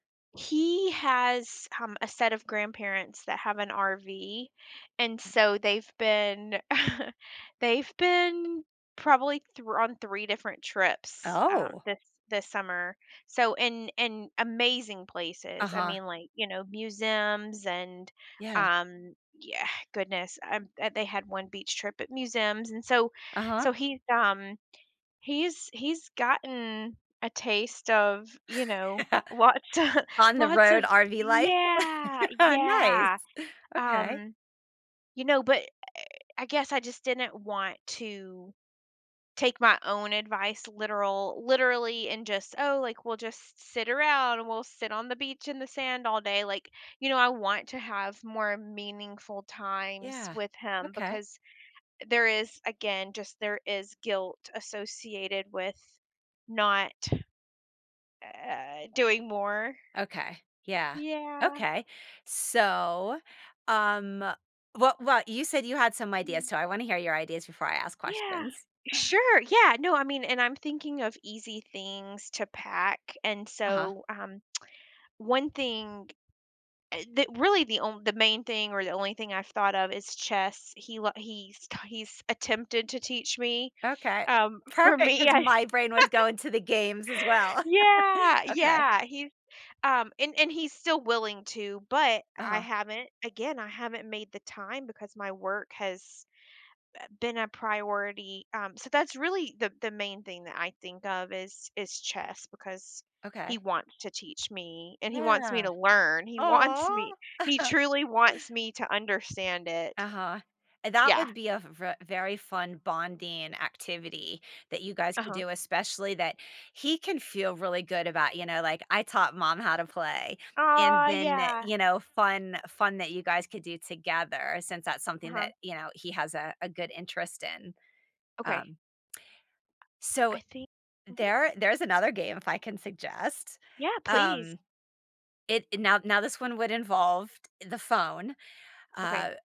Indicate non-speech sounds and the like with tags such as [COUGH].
He has, um, a set of grandparents that have an RV, and Ga so they've been [CHUCKLES] they've been, probably, thr on 3 different trips, um, Oh. this this summer, so and and amazing places, I Uh-huh. mean, like, you know, museums and, Yeah. um, yeah Goodness, um, um, they had one beach trip at museums and so Uh-huh. so, he's, um he's he's gotten a taste of, you know, what [LAUGHS] [CHUCKLES] On the lots of road, RV life. Yeah, [LAUGHS] Nice! yeah, Okay. um, you know, but, eh, eh, I guess I just didn't want to take my own advice literal literally, and just, "Oh, like, we'll just sit around and we'll sit on the beach in the sand all day." Like, you know, I want to have more meaningful times Yeah. with him Okay. because there is, again, just there is guilt associated with not, uh, doing more. Okay. Yeah. Yeah. Okay. So, um, well well, you said you had some ideas, Mhm. so, I wanna hear your ideas before I ask Yeah. questions. Sure, yeah, no, I mean and I'm thinking of easy things to pack, and Uh-huh. so, um, [TSK] one thing, eh, that really the onl the main thing or the only thing I've thought of is chess. He li he's ki he's attempted to teach me Okay. um, for Perfect, me, 'cause I my brain was going to the games as [LAUGHS] well. Yeah. [LAUGHS] Okay. Yeah, he's, um and and he's still willing to, but I Uh-huh. haven't again, I haven't made the time because my work has, eh, been a priority, um, so, that's really the the main thing that I think of is is chess, because he Okay. wants to teach me and he wants me Yeah. to learn. He wants Aw! me he [CHUCKLES] truly wants me to understand it. Uh-huh, and that Yeah. would be a v ve very fun bonding activity that you guys could Uh-huh. do, especially that he can feel really good about, you know, like, "I taught mom how to play." And Aw, then, yeah. you know, fun fun that you guys could do together since that's something Uh-huh. that, you know, he has a a good interest in. Okay. Um so, I thin mhm. there there's another game, if I can suggest. Yeah, please. Um, it i now now, this one would involve the phone, Okay. uh